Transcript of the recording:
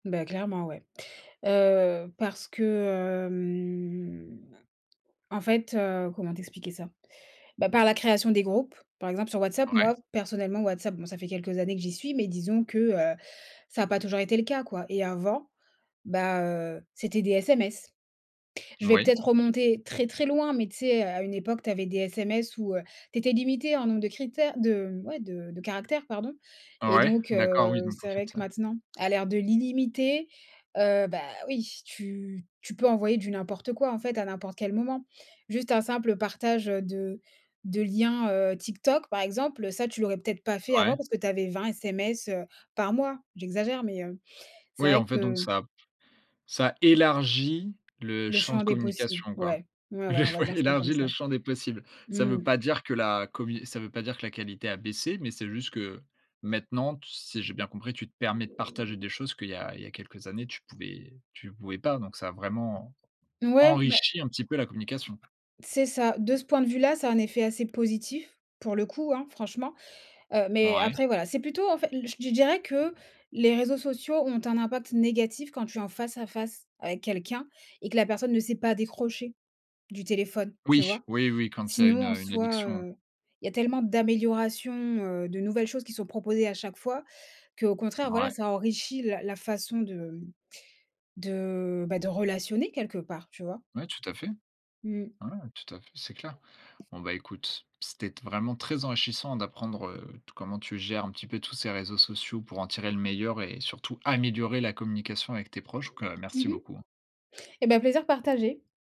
Bah, clairement, ouais. Heu, parce que, hem, en fait, heu, comment t'expliquer ça? Bah, par la création des groupes, par exemple sur WhatsApp, Ouais. moi, personnellement WhatsApp, bon, ça fait quelques années que j'y suis, mais disons que, heu, ça a pas toujours été le cas, quoi. Et avant, bah, heu, c'étaient des SMS. Je vais Moui. peut-être remonter très, très loin, mais tu sais? Heu, à une époque tu avais des SMS où, heu, tu étais limité en nombre de critères, de, mmh, ouais, de de caractères, pardon. Et Ouais, donc, d'accord. Oui heu, donc en c'est fait, vrai que ça maintenant, à l'ère de l'illimité, heu, bah oui, tu tu peux envoyer du n'importe quoi en fait à n'importe quel moment. Juste un simple partage, heu, de de liens, heu, TikTok par exemple, ça, tu l'aurais peut-être pas fait Ouais. avant parce que tu avais 20 SMS heu, par mois. J'exagère, mais, heu, c'est Oui, vrai en fait donc que ça ça élargit le Le champ de champ des possibles, communication, quoi. ouais, ouais, Le ouais, on va ouais, dire ça comme élargit le ça. champ des possibles. Ça veut Mmh. pas dire que la commu ça veut pas dire que la qualité a baissé, mais c'est juste que, maintenant, t si j'ai bien compris, tu te permets de partager des choses qu'il y a il y a quelques années, tu pouvais tu pouvais pas. Donc ça a vraiment, Mouais, beh enrichi un petit peu la communication. C'est ça, de ce point de vue là, ça a un effet assez positif, pour le coup, hein, franchement. Heu, mais Ouais. après, voilà, c'est plutôt en fait l l je d je dirais que les réseaux sociaux ont un impact négatif quand tu es en face à face avec quelqu'un et que la personne ne sait pas décrocher, du téléphone, tu Oui, vois? oui, oui, quand il y a une, Sinon, en heu, une soi, addiction. heu, il y a tellement d'améliorations, heu, de nouvelles choses qui sont proposées à chaque fois qu'au contraire, voilà, Ouais. ça enrichit la la façon, de, mmh, de, bah, de relationner quelque part, tu vois? Ouais, tout à fait. Mmh. Ouais, tout à fait, c'est clair. Bon, bah écoute, c'était t vraiment très enrichissant d'apprendre, heu, t comment tu gères un petit peu tous ces réseaux sociaux pour en tirer le meilleur et surtout améliorer la communication avec tes proches, donc, heu, Mmh merci mh. beaucoup. Eh ben, plaisir partagé.